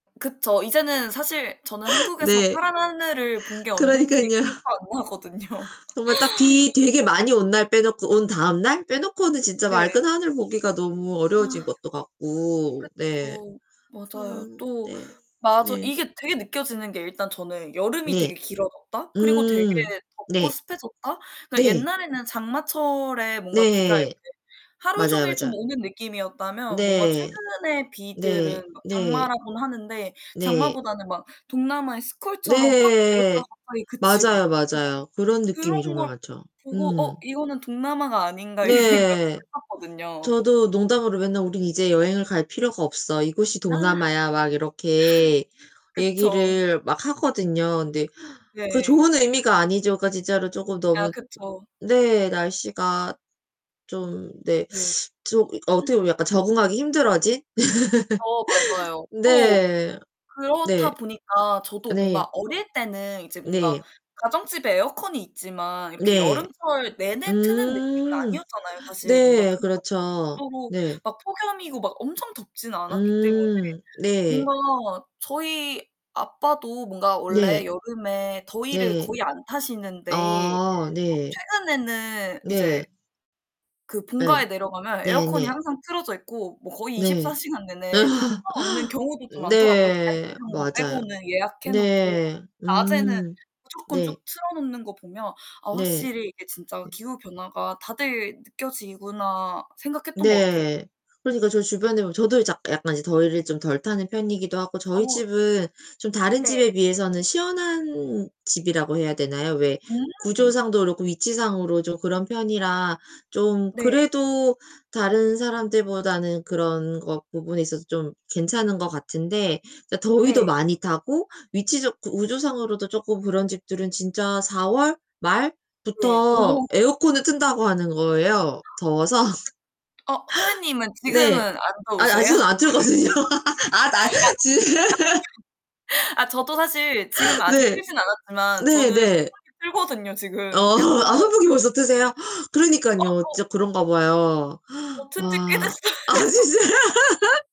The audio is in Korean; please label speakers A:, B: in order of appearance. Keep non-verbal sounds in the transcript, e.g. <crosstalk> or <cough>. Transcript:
A: 그쵸. 이제는 사실 저는 한국에서
B: 네.
A: 파란 하늘을 본 게 언젠지
B: 그러니깐요.
A: 기억도 안 나거든요.
B: 정말 딱 비 되게 많이 온 날 빼놓고 온 다음날 빼놓고는 진짜
A: 네.
B: 맑은 하늘 보기가 너무 어려워진
A: 아.
B: 것도 같고. 네.
A: 그쵸.
B: 아
A: 맞아요. 또
B: 네
A: 맞어
B: 네.
A: 이게 되게 느껴지는 게 일단 저는 여름이
B: 네.
A: 되게 길어졌다. 그리고 되게
B: 음.
A: 덥고
B: 네.
A: 습해졌다. 그니까
B: 네.
A: 옛날에는 장마철에 뭔가 비가 이렇게
B: 네.
A: 하루
B: 맞아요
A: 종일 좀
B: 맞아.
A: 오는 느낌이었다면 뭔가
B: 네
A: 최근에
B: 네
A: 비들은 막
B: 네.
A: 장마라고는 하는데
B: 네.
A: 장마보다는 막 동남아의 스콜처럼 확 내렸다가
B: 네.
A: 갑자기 그치고.
B: 맞아요,
A: 좀 막
B: 맞아요. 그런 느낌이
A: 그런
B: 정말
A: 걸
B: 많죠.
A: 보고
B: 음.
A: 어 이거는 동남아가 아닌가 이 생각도
B: 네.
A: 했었거든요.
B: 저도 농담으로 맨날 우리는 이제 여행을 갈 필요가 없어. 이곳이
A: 아
B: 동남아야. 막 이렇게
A: <laughs> 그쵸.
B: 얘기를 막 하거든요. 근데 그
A: 네.
B: 좋은 의미가 아니죠. 그러니까 진짜로 조금
A: 아
B: 너무
A: 그쵸.
B: 네. 날씨가 좀 네.
A: 네.
B: 좀
A: 음.
B: 어떻게 보면 약간 적응하기 힘들어진?
A: 어 맞아요.
B: <laughs>
A: 또
B: 네 네
A: 그렇다 보니까 저도
B: 네.
A: 뭔가 어릴 때는 이제 뭔가
B: 네.
A: 가정집에 에어컨이 있지만 이렇게
B: 네.
A: 여름철 내내 트는 느낌은
B: 음.
A: 아니었잖아요, 사실. 뭔가 그
B: 네 그렇죠.
A: 정도로
B: 네.
A: 막 폭염이고 막 엄청 덥진 않았기 때문에
B: 음. 네.
A: 뭔가 저희 아빠도 뭔가
B: 네.
A: 원래 여름에 더위를
B: 네.
A: 거의 안 타시는데
B: 아
A: 어
B: 네.
A: 최근에는 이제
B: 네.
A: 그
B: 예.
A: 본가에 내려가면 에어컨이
B: 네네.
A: 항상 틀어져 있고 뭐 거의 24
B: 네.
A: 시간 내내 틀어놓는
B: <laughs>
A: 경우도 좀 많더라고요. 잘 때
B: 네
A: 이런 거
B: 맞아요.
A: 빼고는 예약해 놓고
B: 네
A: 낮에는
B: 음.
A: 무조건 쭉
B: 네.
A: 틀어놓는 거 보면 아
B: 네.
A: 확실히 이게 진짜
B: 네.
A: 기후 변화가 다들 느껴지구나 생각했던 것 같아요.
B: 네. 그러니까 저 주변에 보면 저도 이제 약 약간 이제 더위를 좀 덜 타는 편이기도 하고 저희
A: 더웠
B: 집은 좀 다른
A: 네.
B: 집에 비해서는 시원한 집이라고 해야 되나요? 왜
A: 음.
B: 구조상도 그렇고 위치상으로 좀 그런 편이라 좀
A: 네.
B: 그래도 다른 사람들보다는 그런 것 부분에 있어서 좀 괜찮은 것 같은데 그러니까 더위도
A: 네.
B: 많이 타고 위치적 구조상으로도 조금 그런 집들은 진짜 4월
A: 예. 어머.
B: 말부터 에어컨을
A: 네.
B: 튼다고 하는 거예요, 더워서.
A: 어 선생님은 지금은
B: 네.
A: 안
B: 아
A: 더우세요?
B: 아직은 안 틀었거든요. 아 나
A: <laughs> 아
B: 지 <laughs>
A: 아 저 아 저도 사실 지금
B: <laughs>
A: 아직
B: 네.
A: 틀진 않았지만 저는
B: 네네.
A: 선풍기 틀거든요
B: 어
A: 지금. 약간
B: 아 아 선풍기 벌써 트세요? <gasps>
A: 어
B: 그러니깐요.
A: 더
B: 진짜 그런가 봐요.
A: 저 튼지 꽤
B: 와.
A: 됐어요.
B: 아 진짜 <laughs>